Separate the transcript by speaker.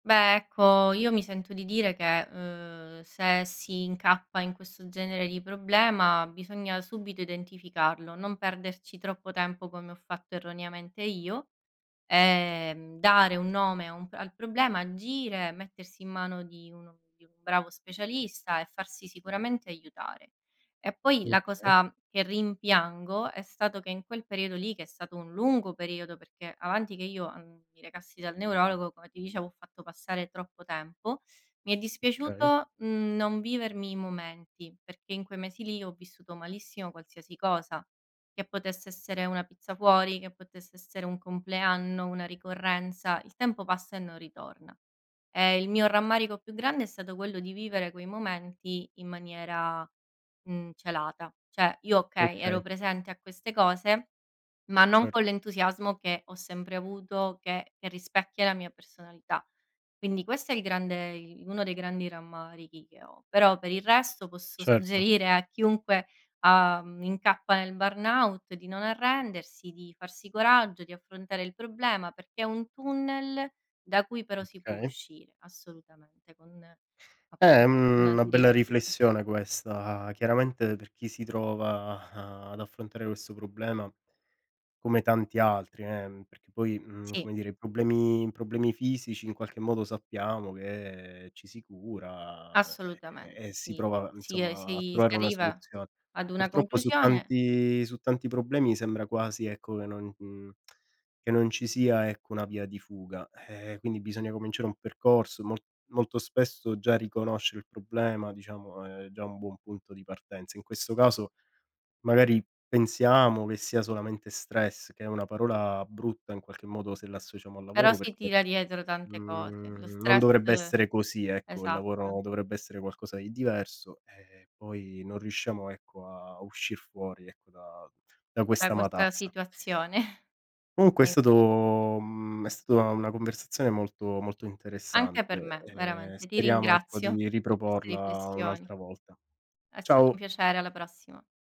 Speaker 1: Beh, ecco, io mi sento di dire che, uhm, se si incappa in questo genere di problema, bisogna subito identificarlo, non perderci troppo tempo come ho fatto, erroneamente, io, ehm, dare un nome a un p al problema, agire, mettersi in mano di uno di un bravo specialista e farsi sicuramente aiutare. E poi la
Speaker 2: Okay.
Speaker 1: cosa che rimpiango è stato che in quel periodo lì, che è stato un lungo periodo, perché avanti che io, ehm, mi recassi dal neurologo, come ti dicevo, ho fatto passare troppo tempo, mi è
Speaker 2: Okay.
Speaker 1: dispiaciuto, mhmm, non vivermi i momenti, perché in quei mesi lì ho vissuto malissimo qualsiasi cosa, che potesse essere una pizza fuori, che potesse essere un compleanno, una ricorrenza; il tempo passa e non ritorna. Ehm, il mio rammarico più grande è stato quello di vivere quei momenti in maniera, mhmm, celata. Cioè, io, okay,
Speaker 2: Okay.
Speaker 1: ero presente a queste cose, ma non
Speaker 2: Cer
Speaker 1: con l'entusiasmo che ho sempre avuto che che rispecchia la mia personalità. Quindi questo è il grande i uno dei grandi rammarichi che ho. Però, per il resto, posso
Speaker 2: Certo.
Speaker 1: suggerire a chiunque, ehm, incappa nel burnout di non arrendersi, di farsi coraggio, di affrontare il problema, perché è un tunnel da cui, però, si può
Speaker 2: Okay.
Speaker 1: uscire, assolutamente, con, appunto, tutta
Speaker 2: Ehm,
Speaker 1: una
Speaker 2: una
Speaker 1: serie
Speaker 2: bella
Speaker 1: di aiuti.
Speaker 2: riflessione questa, chiaramente per chi si trova a ad affrontare questo problema, come tanti altri eh, perché poi, uhm,
Speaker 1: Sì.
Speaker 2: come dire i problemi i problemi fisici in qualche modo sappiamo che ci si cura e e
Speaker 1: Assolutamente,
Speaker 2: si
Speaker 1: sì.
Speaker 2: prova
Speaker 1: Si, ehm,
Speaker 2: insomma a
Speaker 1: si si
Speaker 2: trovare una
Speaker 1: arriva
Speaker 2: soluzione.
Speaker 1: ad una
Speaker 2: Purtroppo su
Speaker 1: conclusione.
Speaker 2: tanti su tanti problemi sembra quasi ecco che non uhm, che non ci sia ecco una via di fuga. Ehm, quindi bisogna cominciare un percorso mol molto spesso già riconoscere il problema diciamo è già un buon punto di partenza. In questo caso magari pensiamo che sia solamente stress, che è una parola brutta in qualche modo se la associamo al
Speaker 1: Però
Speaker 2: lavoro,
Speaker 1: si
Speaker 2: perché,
Speaker 1: tira dietro tante cose. Lo
Speaker 2: mhmm, non
Speaker 1: stress
Speaker 2: dovrebbe essere così ecco, il
Speaker 1: esatto.
Speaker 2: lavoro dovrebbe essere qualcosa di diverso, e poi non riusciamo ecco a uscir fuori, ecco, da
Speaker 1: Da
Speaker 2: questa
Speaker 1: questa
Speaker 2: matazza.
Speaker 1: situazione.
Speaker 2: Comunque è
Speaker 1: E
Speaker 2: stato uhm, è stata una conversazione molto, molto
Speaker 1: Anche per
Speaker 2: interessante
Speaker 1: me,
Speaker 2: e
Speaker 1: veramente. Ti
Speaker 2: speriamo ecco
Speaker 1: ringrazio
Speaker 2: di
Speaker 1: per queste
Speaker 2: riproporla
Speaker 1: riflessioni.
Speaker 2: un'altra volta.
Speaker 1: È stato un
Speaker 2: Ciao.
Speaker 1: piacere, alla prossima.